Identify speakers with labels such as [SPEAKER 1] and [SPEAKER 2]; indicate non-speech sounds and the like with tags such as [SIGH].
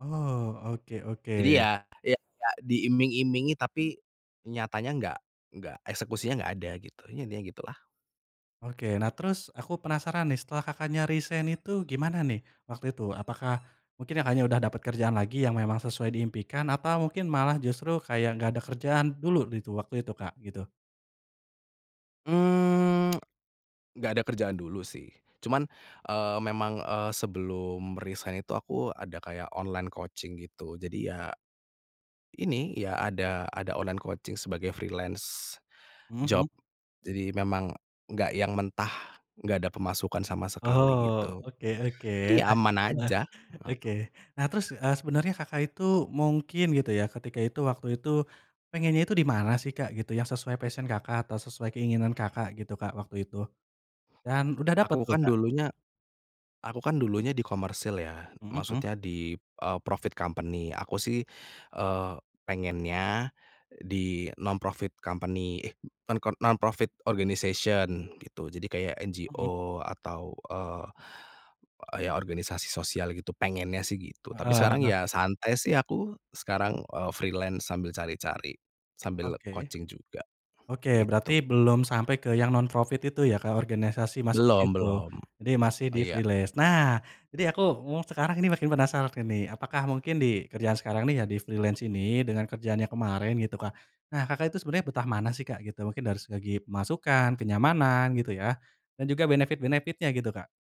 [SPEAKER 1] Oh, oke
[SPEAKER 2] Jadi
[SPEAKER 1] oke.
[SPEAKER 2] ya, iya kayak diiming-imingi tapi nyatanya enggak enggak eksekusinya enggak ada, gitu. Ya, intinya gitulah.
[SPEAKER 1] Oke. Nah, terus aku penasaran nih, setelah Kakaknya resign itu gimana nih waktu itu, apakah mungkin Kakaknya udah dapet kerjaan lagi yang memang sesuai diimpikan, atau mungkin malah justru kayak nggak ada kerjaan dulu gitu waktu itu Kak gitu?
[SPEAKER 2] Mmm, [TSK] nggak ada kerjaan dulu, sih. Cuman, eee, memang, eee, sebelum resign itu aku ada kayak online coaching gitu. Jadi ya ini, ya, ada ada online coaching sebagai freelance
[SPEAKER 1] Mhm
[SPEAKER 2] job.
[SPEAKER 1] mhm.
[SPEAKER 2] Jadi, memang nggak yang mentah nggak ada pemasukan sama sekali
[SPEAKER 1] Oh,
[SPEAKER 2] gitu.
[SPEAKER 1] oke oke.
[SPEAKER 2] Jadi,
[SPEAKER 1] Nah
[SPEAKER 2] aman
[SPEAKER 1] nah,
[SPEAKER 2] aja. Heeh.
[SPEAKER 1] oke. Nah, terus, eee, sebenernya Kakak itu mungkin gitu ya, ketika itu waktu itu pengennya itu di mana sih Kak, gitu? Yang sesuai passion Kakak, atau sesuai keinginan Kakak gitu Kak waktu itu? Dan udah dapet
[SPEAKER 2] Aku
[SPEAKER 1] tuh,
[SPEAKER 2] kan
[SPEAKER 1] Kak?
[SPEAKER 2] dulunya aku kan dulunya di komersil, ya.
[SPEAKER 1] Mhm mhm.
[SPEAKER 2] Maksudnya, di eee, profit company. Aku sih, eee, pengennya di non-profit company, eh, non-kon non-profit organization, gitu. Jadi, kayak
[SPEAKER 1] Mhm.
[SPEAKER 2] NGO atau, eee, eee, ya, organisasi sosial gitu, pengennya sih, gitu. Tapi
[SPEAKER 1] Heeh
[SPEAKER 2] sekarang
[SPEAKER 1] heeh.
[SPEAKER 2] ya santai sih aku, sekarang, eee, freelance sambil cari-cari. Sambil
[SPEAKER 1] Oke.
[SPEAKER 2] coaching juga.
[SPEAKER 1] Oke, berarti
[SPEAKER 2] Gitu.
[SPEAKER 1] belum sampai ke yang non-profit itu ya, ke organisasi masuk
[SPEAKER 2] Belum
[SPEAKER 1] situ?
[SPEAKER 2] belum.
[SPEAKER 1] Jadi, masih di
[SPEAKER 2] Iya.
[SPEAKER 1] freelance. Nah, ini aku, mmm, sekarang ini makin penasaran ini, apakah mungkin di kerjaan sekarang nih ya, di freelance ini, dengan kerjaan yang kemarin gitu Kak, nah Kakak itu sebenarnya betah mana sih Kak gitu, mungkin dari segi pemasukan, kenyamanan gitu ya, dan juga benefit-benefit-nya gitu, Kak?